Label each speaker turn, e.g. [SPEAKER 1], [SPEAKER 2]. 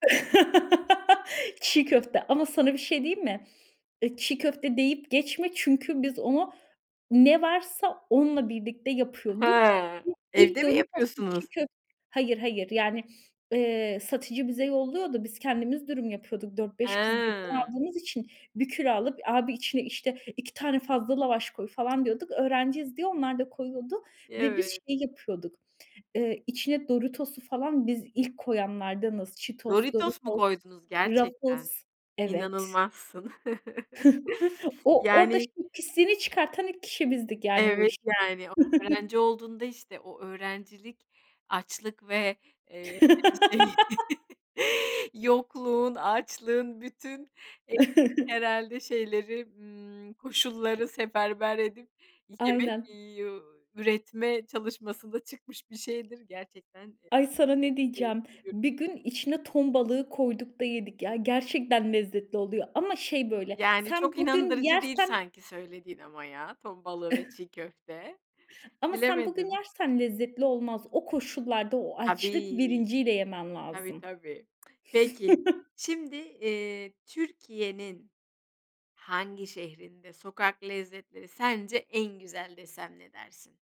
[SPEAKER 1] Çiğ köfte ama sana bir şey diyeyim mi? E, çiğ köfte deyip geçme, çünkü biz onu, ne varsa onunla birlikte yapıyorduk.
[SPEAKER 2] Hıı.
[SPEAKER 1] [unintelligible] iik,
[SPEAKER 2] Evde mi
[SPEAKER 1] Doritos´lu çiğ
[SPEAKER 2] yapıyorsunuz?
[SPEAKER 1] köfte. Hayır, hayır, yani, ııı, satıcı bize yolluyordu. Biz kendimiz dürüm yapıyorduk. 4- 5 kız birden
[SPEAKER 2] Hıı.
[SPEAKER 1] aldığımız için, bir küre alıp, abi içine, işte, 2 tane fazla lavaş koy, falan diyorduk. Öğrenciyiz diye, onlar da koyuyordu ve biz
[SPEAKER 2] Evet.
[SPEAKER 1] şeyi yapıyorduk, ııı, içine Doritos'u falan, biz ilk koyanlardanız. Cheetos,
[SPEAKER 2] Doritos mu
[SPEAKER 1] Doritos,
[SPEAKER 2] koydunuz, gerçekten?
[SPEAKER 1] Ruffles evet.
[SPEAKER 2] İnanılmazsın.
[SPEAKER 1] O orada,
[SPEAKER 2] Yani
[SPEAKER 1] şey, pisliğini çıkartan ilk kişi bizdik yani bu
[SPEAKER 2] Evet,
[SPEAKER 1] işin.
[SPEAKER 2] yani, o öğrenci olduğunda, işte, o öğrencilik açlık ve, eee, hani, şey, yokluğun, açlığın, bütün, evet, herhâlde şeyleri, ımm, koşulları seferber edip, yemek
[SPEAKER 1] Aynen.
[SPEAKER 2] yu üretme çalışmasında çıkmış bir şeydir. Gerçekten, e,
[SPEAKER 1] Ay, sana ne diyeceğim.
[SPEAKER 2] keyifli bir.
[SPEAKER 1] Bir gün, içine ton balığı koyduk da yedik ya. Gerçekten lezzetli oluyor ama, şey, böyle,
[SPEAKER 2] Yani,
[SPEAKER 1] sen
[SPEAKER 2] çok
[SPEAKER 1] bugün
[SPEAKER 2] inandırıcı değil
[SPEAKER 1] yersen
[SPEAKER 2] sanki söylediğin ama ya, ton balığı ve çiğ köfte,
[SPEAKER 1] Ama sen bugün
[SPEAKER 2] bilemedim.
[SPEAKER 1] yersen lezzetli olmaz. O koşullarda, o açlık
[SPEAKER 2] Tabii,
[SPEAKER 1] bilinciyle yemen
[SPEAKER 2] tabii,
[SPEAKER 1] lazım.
[SPEAKER 2] tabii. Peki, şimdi, eee Türkiye'nin hangi şehrinde sokak lezzetleri, sence en güzel desem, ne dersin?